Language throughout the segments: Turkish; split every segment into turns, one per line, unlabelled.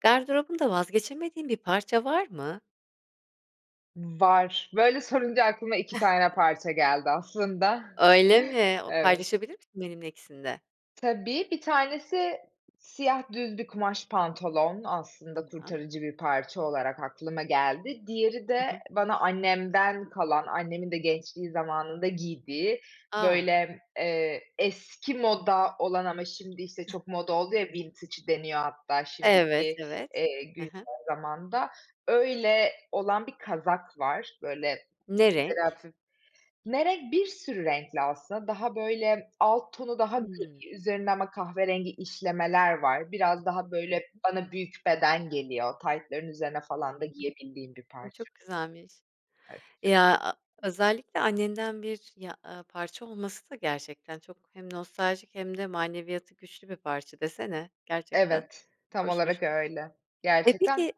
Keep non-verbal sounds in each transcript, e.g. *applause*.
Gardırobunda vazgeçemediğin bir parça var mı?
Var, böyle sorunca aklıma 2 tane
*chuckles*
parça geldi aslında. *chuckles*
Öyle mi? O
Evet.
paylaşabilir misin benimle ikisini de?
Tabii 1 tanesi siyah düz bir kumaş pantolon, aslında
Tamam.
kurtarıcı bir parça olarak aklıma geldi. Diğeri
Hı
de
hı.
bana annemden kalan, annemin de gençliği zamanında giydiği,
A.
böyle, eee, eski moda olan ama şimdi işte çok moda oldu ya vintage deniyor hatta
Evet,
şimdiki,
evet.
eee,
Hı
güncel
hı.
zamanda, öyle olan bir kazak var. Böyle.
Ne renk?
*unintelligible* Ne renk? Bir sürü renkli aslında, daha böyle alt tonu daha
Hımm.
gri, üzerinde ama kahverengi işlemeler var, biraz daha böyle
*unintelligible*
bana büyük beden geliyor, taytların üzerine falan da
Hı
giyebildiğim bir
hı. Imm,
parça.
çok güzelmiş.
Evet.
Ya, a özellikle annenden bir ya a parça olması da gerçekten çok hem nostaljik hem de maneviyatı güçlü bir parça desene gerçekten
Evet, tam
hoşmuş.
olarak öyle
E,
gerçekten.
peki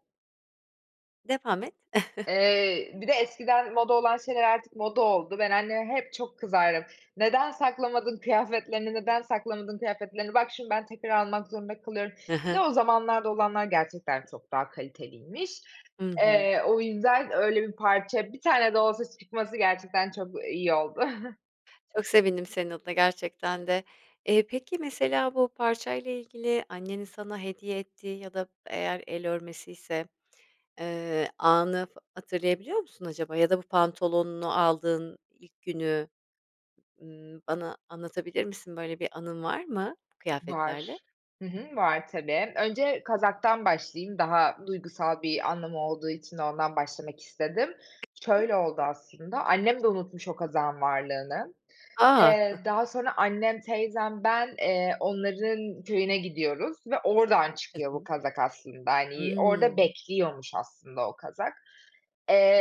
Devam et. *chuckles*
Eee, bir de eskiden moda olan şeyler artık moda oldu. Ben anneme hep çok kızardım. Neden saklamadın kıyafetlerini neden saklamadın kıyafetlerini! Bak, şimdi ben tekrar almak zorunda kalıyorum.
Hı
Bir de
hı.
o zamanlarda olanlar gerçekten çok daha kaliteliymiş.
Hı hı.
Eee, o yüzden öyle bir parça, 1 tane de olsa çıkması gerçekten çok iyi oldu. *chuckles*
Çok sevindim senin adına gerçekten de. Eee, peki mesela bu parçayla ilgili annenin sana hediye ettiği ya da eğer el örmesiyse, eee, anı f hatırlayabiliyor musun acaba ya da bu pantolonunu aldığın ilk günü, ııı, bana anlatabilir misin? Böyle bir anın var mı kıyafetlerle?
Var, hı hı. Var, tabii. Önce kazaktan başlayayım, daha duygusal bir anlamı olduğu için ondan başlamak istedim.
*unintelligible*
Şöyle oldu aslında. Annem de unutmuş o kazağın varlığını.
A. *chuckles*
Eee, daha sonra annem, teyzem, ben, eee, onların köyüne gidiyoruz ve oradan
Hı
çıkıyor bu
hı.
kazak aslında. Hani, orada
Hımm.
bekliyormuş aslında o kazak.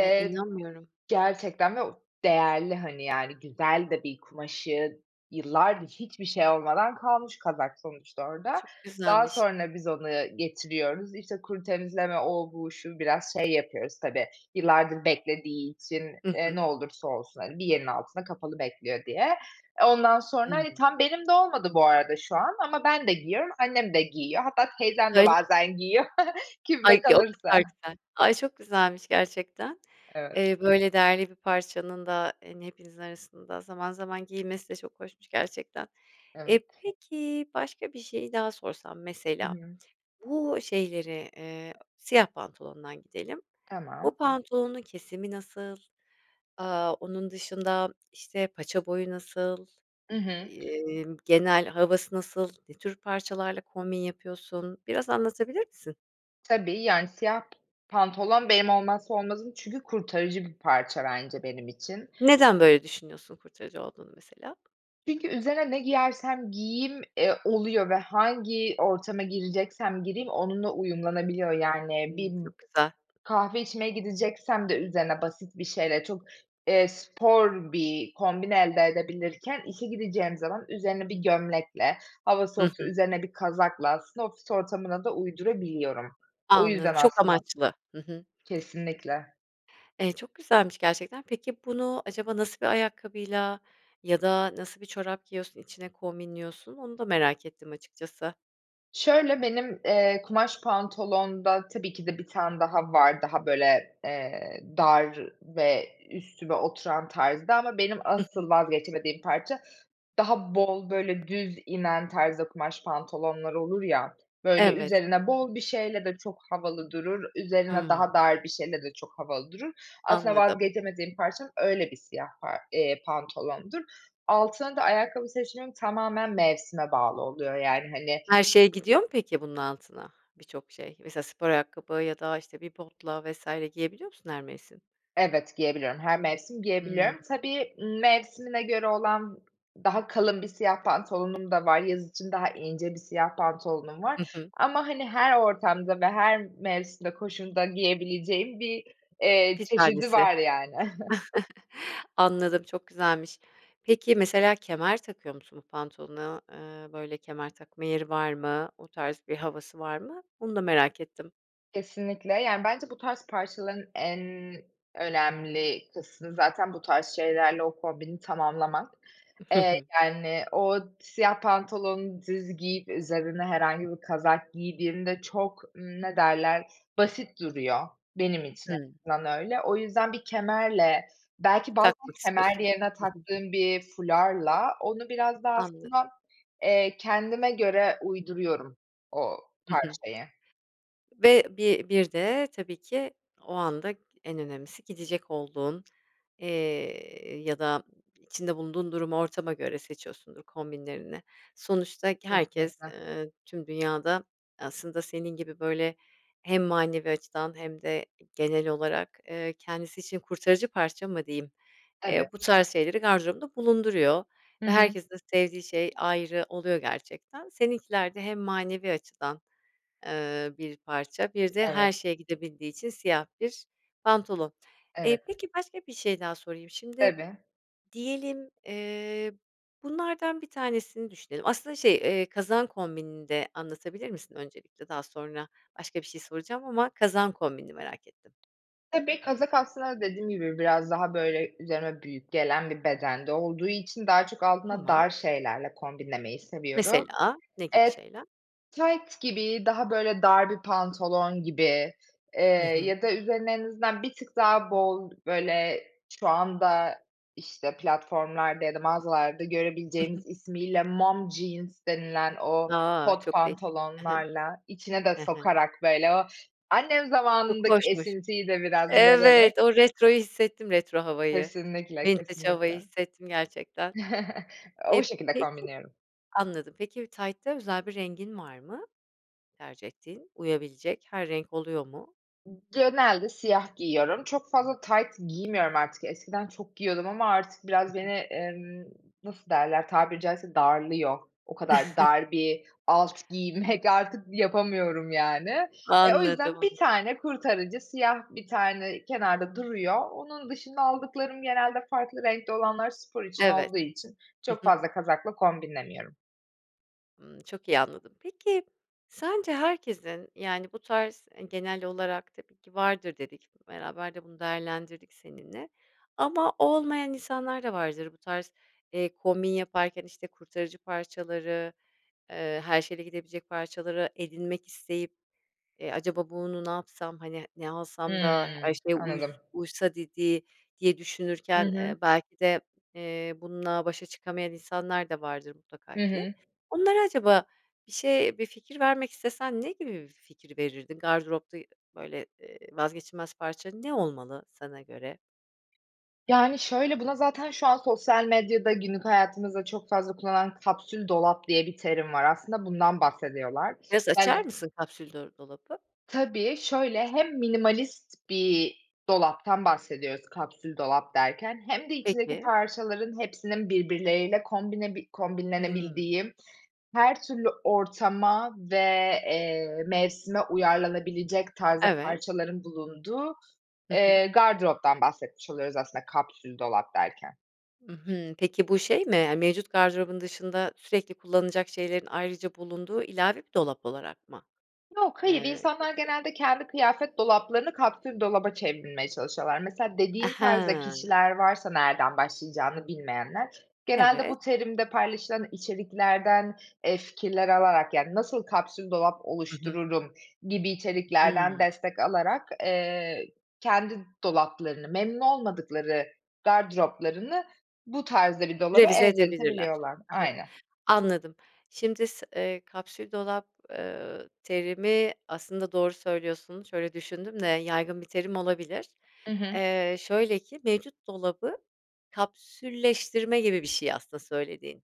Ay, inanmıyorum.
gerçekten ve o değerli, hani, yani, güzel de bir kumaşı, yıllardır hiçbir şey olmadan kalmış kazak sonuçta orada.
Çok
Daha
güzelmiş.
sonra biz onu getiriyoruz. İşte kuru temizleme, o bu şu biraz şey yapıyoruz tabii yıllardır beklediği için,
Hı
eee,
hı.
ne olursa olsun, hani, bir yerin altında kapalı bekliyor diye. Eee, ondan sonra, hani,
Hımm.
tam benim de olmadı bu arada şu an ama ben de giyiyorum, annem de giyiyor. Hatta teyzem de
Öyle
bazen giyiyor. *chuckles* Kimde
Ay, *unintelligible* o
kalırsa.
kadar güzel. Ay, çok güzelmiş gerçekten.
Evet.
Eee, böyle değerli bir parçanın da, hani, hepinizin arasında zaman zaman giyilmesi de çok hoşmuş gerçekten. Eee,
Evet.
peki, başka bir şeyi daha sorsam
Hı
mesela
hı.
bu şeyleri, eee, siyah pantolondan gidelim. Bu
Tamam.
pantolonun kesimi nasıl? Aaa, onun dışında, işte, paça boyu nasıl?
I hı.
Imm, genel havası nasıl? Ne tür parçalarla kombin yapıyorsun? Biraz anlatabilir misin?
Tabii, yani, siyah p pantolon benim olmazsa olmazım çünkü kurtarıcı bir parça bence benim için.
Neden böyle düşünüyorsun kurtarıcı olduğunu mesela?
Çünkü üzerine ne giyersem giyeyim, eee, oluyor ve hangi ortama gireceksem gireyim onunla uyumlanabiliyor. Yani, bir
Hımm. Çok güzel.
kahve içmeye gideceksem de üzerine basit bir şeyle çok, eee, spor bir kombin elde edebilirken. İşe gideceğim zaman üzerine bir gömlekle, hava
Hı
soğuksa
hı.
üzerine bir kazakla aslında ofis ortamına da uydurabiliyorum. O
Anladım.
yüzden
Çok
aslında
amaçlı. Hı hı.
Kesinlikle.
Eee, çok güzelmiş gerçekten. Peki, bunu acaba nasıl bir ayakkabıyla ya da nasıl bir çorap giyiyorsun içine kombinliyorsun? Onu da merak ettim açıkçası.
Şöyle benim, eee, kumaş pantolonda tabii ki de 1 tane daha var, daha böyle, eee, dar ve üstüme oturan tarzda ama benim
Hı hı.
asıl vazgeçemediğim parça daha bol böyle düz inen tarzda kumaş pantolonlar olur ya, böyle
Evet.
üzerine bol bir şeyle de çok havalı durur, üzerine
Hımm.
daha dar bir şeyle de çok havalı durur. Aslında
Anladım.
vazgeçemediğim parça öyle bir siyah pa eee, pantolondur. Altına da ayakkabı seçimim tamamen mevsime bağlı oluyor, yani, hani
Her şey gidiyor mu peki bunun altına birçok şey? Mesela spor ayakkabı ya da işte bir botla vs. giyebiliyor musun her mevsim?
Evet, giyebiliyorum, her mevsim
Hıı.
giyebiliyorum. Tabii, ımm, mevsimine göre olan daha kalın bir siyah pantolonum da var, yaz için daha ince 1 siyah pantolonum
Hı
var
hı.
ama, hani, her ortamda ve her mevsimde, koşulda giyebileceğim bir, eee,
1
çeşidi
tanesi.
var, yani. *chuckles*
*chuckles* Anladım, çok güzelmiş. Peki, mesela kemer takıyor musun bu pantolona? Eee, böyle kemer takma yeri var mı? O tarz bir havası var mı? Onu da merak ettim.
Kesinlikle, yani, bence bu tarz parçaların en önemli kısmı zaten bu tarz şeylerle o kombini tamamlamak. Eee,
*chuckles*
yani, o siyah pantolonu düz giyip üzerine herhangi bir kazak giydiğimde çok ne derler basit duruyor benim için *unintelligible*
Hıı.
öyle. O yüzden bir kemerle belki bazen
Takmak
kemer
istiyorsun.
erine
Hı hı.
taktığım bir fularla onu biraz daha
Anladım.
aslında, eee, kendime göre uyduruyorum o
Hı hı.
parçayı.
Ve bir bir de tabii ki o anda en önemlisi gidecek olduğun, eee, ya da içinde bulunduğun durumu ortama göre seçiyorsundur kombinlerini. Sonuçta k herkes,
Kesinlikle.
eee, tüm dünyada aslında senin gibi böyle hem manevi açıdan hem de genel olarak, eee, kendisi için kurtarıcı parça mı diyeyim, eee, bu
Evet.
tarz şeyleri gardırobunda bulunduruyor
Hı
ve
hı.
herkesin de sevdiği şey ayrı oluyor gerçekten. Seninkiler de hem manevi açıdan, eee, bir parça, bir de her
Evet.
şeye gidebildiği için siyah bir pantolon. Eee,
Evet.
peki başka bir şey daha sorayım. Şimdi
Tabii.
diyelim, eee, bunlardan 1 tanesini düşünelim. Aslında şey, eee, kazağın kombinini de anlatabilir misin öncelikle? Daha sonra başka bir şey soracağım ama kazağın kombinini merak ettim.
Tabii kazak aslında dediğim gibi biraz daha böyle üzerime büyük gelen bir bedende olduğu için daha çok altında
Tamam.
dar şeylerle kombinlemeyi seviyorum.
Mesela ne gibi
Eee,
şeyler?
tayt gibi, daha böyle dar bir pantolon gibi, eee,
Hı hı.
ya da üzerine en azından bir tık daha bol böyle şu anda işte platformlarda ya da mağazalarda
I hı.
görebileceğimiz ismiyle mom jeans denilen o
A.
kot
Çok değişik, he he,
pantolonlarla, içine de
he he.
sokarak böyle o annem
Çok
zamanındaki
hoşmuş.
esintiyi de biraz vererek
Evet, o retroyu hissettim retro havayı,
Kesinlikle
vintage
kesinlikle.
havayı hissettim gerçekten.
*chuckles*
Eee,
O şekilde
peki,
kombinliyorum.
anladım peki bir taytta özel bir rengin var mı? Tercih ettiğin, uyabilecek her renk oluyor mu?
I genelde siyah giyiyorum, çok fazla tayt giymiyorum artık, eskiden çok giyiyordum ama artık
Hı
biraz
hı.
beni, emm, nasıl derler tabiri caizse darlıyor. O kadar
*chuckles*
dar bir alt giymek *chuckles* artık yapamıyorum, yani. E, o
Anladım
yüzden 1
anladım.
tane kurtarıcı, siyah 1 tane kenarda duruyor. Onun dışında aldıklarım genelde farklı renkte olanlar spor için
Evet.
olduğu için
Hı
çok
hı.
fazla kazakla kombinlemiyorum.
Imm, çok iyi anladım. Peki, sence herkesin, yani, bu tarz, eee, genel olarak tabii ki vardır dedik. Beraber de bunu değerlendirdik seninle. Ama olmayan insanlar da vardır bu tarz, eee, kombin yaparken işte kurtarıcı parçaları, ııı, her şeyle gidebilecek parçaları edinmek isteyip. E, acaba bunu ne yapsam, hani, ne alsam da her
Hımm.
şeye uys
Anladım.
uysa dedi diye
Hı
düşünürken,
hı.
eee, belki de, eee, bununla başa çıkamayan insanlar da vardır mutlaka
Hı
ki.
hı.
Onlara acaba bir şey bir fikir vermek istesen ne gibi bir fikir verirdin? Gardıropta böyle, ııı, vazgeçilmez parça ne olmalı sana göre?
Yani, şöyle buna zaten şu an sosyal medyada günlük hayatımızda çok fazla kullanılan kapsül dolap diye bir terim var aslında bundan bahsediyorlar.
Biraz
Yani,
açar mısın kapsül dola dolabı?
tabii şöyle hem minimalist bir dolaptan bahsediyoruz kapsül dolap derken hem de içindeki
Peki.
parçaların hepsinin birbirleriyle kombine bi
Hımm.
kombinlenebildiği her türlü ortama ve, eee, mevsime uyarlanabilecek tarzda
Evet.
parçaların bulunduğu,
Hı hı.
eee, gardıroptan bahsetmiş oluyoruz aslında kapsül dolap derken.
Hı hı. Peki bu şey mi? Eee, mevcut gardırobun dışında, sürekli kullanacak şeylerin ayrıca bulunduğu ilave bir dolap olarak mı,
Yok, hayır
eee,
insanlar
geçiyor?
genelde kendi kıyafet dolaplarını kapsül dolaba çevirmeye çalışıyorlar. Mesela
A,
dediğin tarzda
ha.
kişiler varsa, nereden başlayacağını bilmeyenler. Genelde
Evet.
bu terimde paylaşılan içeriklerden, eee, fikirler alarak yani nasıl kapsül dolap
Hı hı.
oluştururum gibi içeriklerden
Hı.
destek alarak, eee, kendi dolaplarını, memnun olmadıkları gardıroplarını bu tarzda bir dolaba
Revize edebilirler.
evriltebiliyorlar.
Ha ha.
Aynen.
Anladım. Şimdi s eee, kapsül dolap, eee, terimi aslında doğru söylüyorsun şöyle düşündüm de yaygın bir terim olabilir.
Hı hı.
Eee, şöyle ki, mevcut dolabı kapsülleştirme gibi bir şey aslında söylediğin.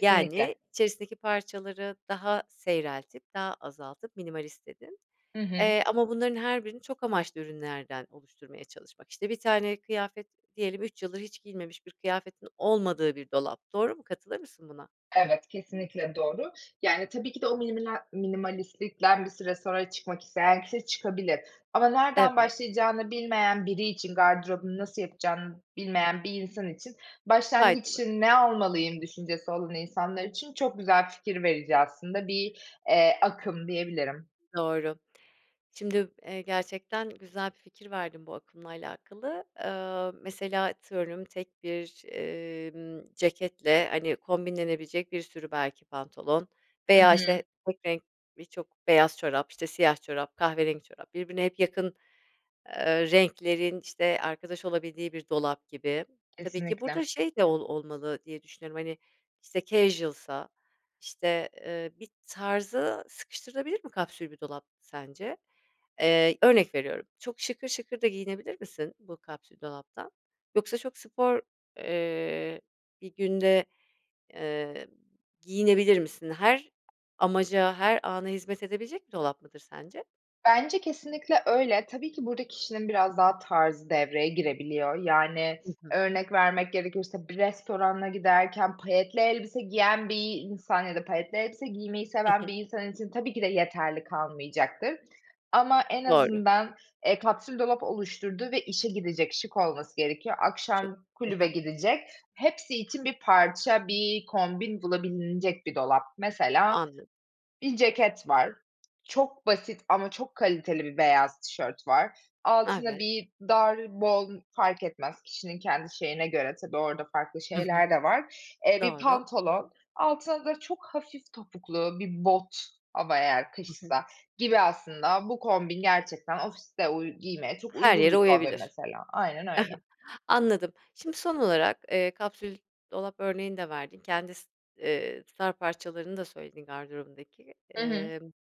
Yani içerisindeki parçaları daha seyreltip, daha azaltıp minimalist dedin.
Hı hı.
Eee, ama bunların her birini çok amaçlı ürünlerden oluşturmaya çalışmak. İşte bir tane kıyafet diyelim 3 yıldır hiç giyilmemiş bir kıyafetin olmadığı bir dolap, doğru mu, katılır mısın buna?
Evet, kesinlikle doğru. Yani tabii ki de o miniminel minimalistlikten bir süre sonra çıkmak isteyen kişi çıkabilir. Ama nereden
Evet.
başlayacağını bilmeyen biri için, gardırobunu nasıl yapacağını bilmeyen bir insan için, başlangıç
Faydalı. Hı
için, ne almalıyım
hı.
düşüncesi olan insanlar için çok güzel fikir verici aslında bir, eee, akım diyebilirim.
Doğru. Şimdi, eee, gerçekten güzel bir fikir verdin bu akımla alakalı. Eee, mesela atıyorum tek bir, emm, ceketle hani kombinlenebilecek bir sürü belki pantolon
Hı
veya işte
hı.
tek renk birçok beyaz çorap, işte siyah çorap, kahverengi çorap birbirine hep yakın, eee, renklerin işte arkadaş olabildiği bir dolap gibi. Tabii ki
Kesinlikle.
burada şey de ol olmalı diye düşünüyorum. Hani işte casual'sa işte, eee, bir tarza sıkıştırılabilir mi kapsül bir dolap sence? Eee, örnek veriyorum çok şıkır şıkır da giyinebilir misin bu kapsül dolaptan? Yoksa çok spor, eee, bir günde, eee, giyinebilir misin? Her amaca, her ana hizmet edebilecek bir dolap mıdır sence?
Bence kesinlikle öyle, tabii ki burada kişinin biraz daha tarzı devreye girebiliyor. Yani
Hı hı.
örnek vermek gerekirse, bir restorana giderken payetli elbise giyen bir insan ya da payetli elbise giymeyi
Hı
seven
hı.
bir insan için tabii ki de yeterli kalmayacaktır. Ama en
Doğru.
azından, eee, kapsül dolap oluşturdu ve işe gidecek, şık olması gerekiyor.
Çok.
Akşam
Ha
kulübe
ha.
gidecek. Hepsi için bir parça, bir kombin bulabilinecek bir dolap. Mesela
Anlad
bir ceket var. Çok basit ama çok kaliteli bir beyaz tişört var. Altında
Evet.
bir dar, bol fark etmez kişinin kendi şeyine göre tabii orada farklı
Hı hı.
şeyler de var. Eee, bir
Doğru.
pantolon, altına da çok hafif topuklu bir bot ama eğer
Hı hı.
kışsa gibi. Aslında bu kombin gerçekten ofiste uy giymeye çok
Her
uygun
yere
bir kombin
uyabilir.
mesela, aynen öyle.
*chuckles* Anladım. Şimdi son olarak, eee, kapsül dolap örneğini de verdin. Kendi s eee, star parçalarını da söyledin gardırobundaki.
Hı hı.
Emm,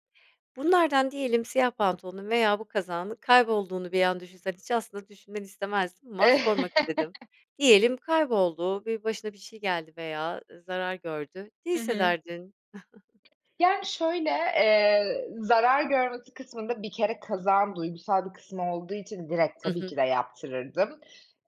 bunlardan diyelim siyah pantolonun veya bu kazağının kaybolduğunu bir an düşünsen. Hiç aslında düşünmeni istemezdim ama sormak istedim.
*chuckles*
Diyelim kayboldu, bir başına bir şey geldi veya, ııı, zarar gördü. Ne
Hı hı.
hissederdin? *chuckles*
Yani şöyle, eee, zarar görmesi kısmında bir kere kazağın duygusal bir kısmı olduğu için, direkt,
Hı
tabii
hı.
ki de yaptırırdım.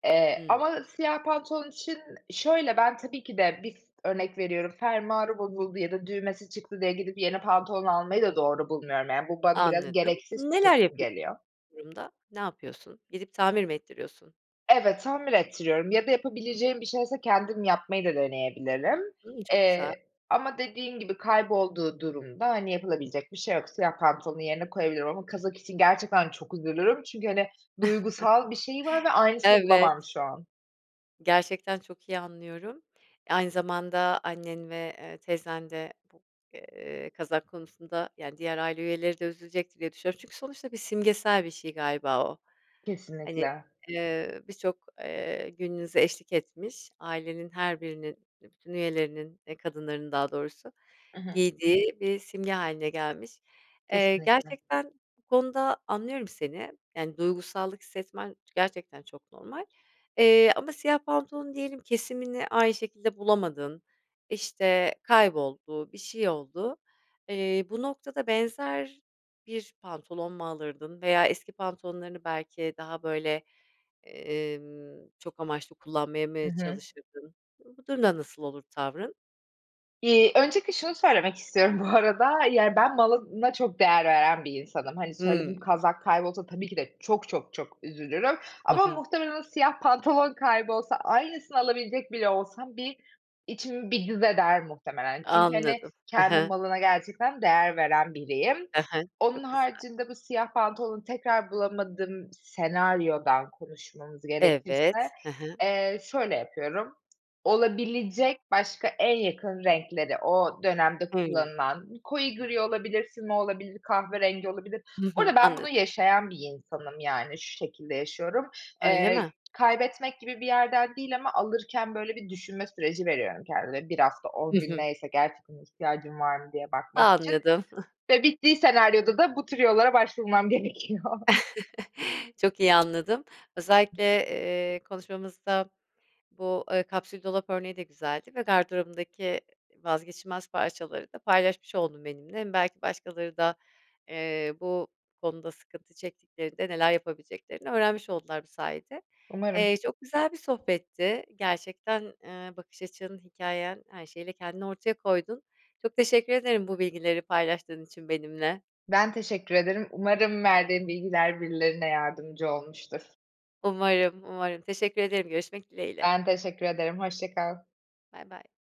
Eee,
Hı.
ama siyah pantolon için şöyle, ben tabii ki de bir örnek veriyorum. Fermuarı bozuldu ya da düğmesi çıktı diye gidip yeni pantolon almayı da doğru bulmuyorum. Yani bu bana biraz
Anladım.
gereksiz
Neler
tüketim
yapı
geliyor.
bu durumda? Ne yapıyorsun? Gidip tamir mi ettiriyorsun?
Evet, tamir ettiriyorum ya da yapabileceğim bir şeyse kendim yapmayı da deneyebilirim.
Hımm, çok güzel.
Eee, ama dediğin gibi kaybolduğu durumda, hani, yapılabilecek bir şey yok. Siyah pantolonu yerine koyabilirim ama kazak için gerçekten çok üzülürüm çünkü, hani, duygusal bir şeyi var ve
*chuckles*
aynısını
Evet.
bulamam şu an.
Gerçekten çok iyi anlıyorum. Aynı zamanda annen ve, eee, teyzen de bu, eee, kazak konusunda, yani, diğer aile üyeleri de üzülecektir diye düşünüyorum. Çünkü sonuçta bir simgesel bir şey galiba o. Hani,
Kesinlikle.
eee, birçok, eee, gününüze eşlik etmiş ailenin her birinin, eee, bütün üyelerinin, eee, kadınlarının daha doğrusu
I hı.
giydiği bir simge hâline gelmiş. Eee,
Kesinlikle.
gerçekten bu konuda anlıyorum seni, yani, duygusallık hissetmen gerçekten çok normal, eee, ama siyah pantolon diyelim kesimini aynı şekilde bulamadın, işte, kayboldu, bir şey oldu, eee, bu noktada benzer bir pantolon mu alırdın veya eski pantolonlarını belki daha böyle, emm, çok amaçlı kullanmaya
Hı
mı
hı.
çalışırdın? Bu durumda nasıl olur tavrın?
İii, öncelikle şunu söylemek istiyorum bu arada, yani, ben malına çok değer veren bir insanım. Hani, söylediğim
Hımm.
kazak kaybolsa tabii ki de çok çok çok üzülürüm
Hı
ama
hı.
muhtemelen o siyah pantolon kaybolsa, aynısını alabilecek bile olsam bir içim bir cız eder muhtemelen. Çünkü, hani,
Anladım, ha
kendi
he.
malına gerçekten değer veren biriyim.
Ha he,
Onun
çok güzel.
haricinde bu siyah pantolonu tekrar bulamadığım senaryodan konuşmamız gerekirse,
Evet, he hı.
eee, şöyle yapıyorum, olabilecek başka en yakın renkleri, o dönemde
Hımm.
kullanılan, koyu gri olabilir, füme olabilir, kahverengi olabilir.
Hı
Bu
hı.
arada ben bunu
Anladım.
yaşayan bir insanım, yani, şu şekilde yaşıyorum.
Öyle
Eee,
mi?
kaybetmek gibi bir yerden değil ama alırken böyle bir düşünme süreci veriyorum kendime. 1 hafta
Hı
10 gün
hı.
neyse, gerçekten ihtiyacım var mı diye bakmak için
Anladım. *chuckles*
ve bittiği senaryoda da bu tür yollara başvurmam gerekiyor.
*chuckles* Çok iyi anladım. Özellikle, eee, konuşmamızda bu, eee, kapsül dolap örneği de güzeldi ve gardırobundaki, e e vazgeçilmez parçaları da paylaşmış oldun benimle m Belki başkaları da, eee, bu konuda sıkıntı çektiklerinde neler yapabileceklerini öğrenmiş oldular bu sayede.
Umarım.
Eee, çok güzel bir sohbetti. Gerçekten, eee, bakış açın, hikâyen her şeyiyle kendini ortaya koydun. Çok teşekkür ederim bu bilgileri paylaştığın için benimle.
Ben teşekkür ederim, umarım verdiğim bilgiler birilerine yardımcı olmuştur.
Umarım, umarım. Teşekkür ederim. Görüşmek dileğiyle.
Ben teşekkür ederim, hoşça kal.
Baybay.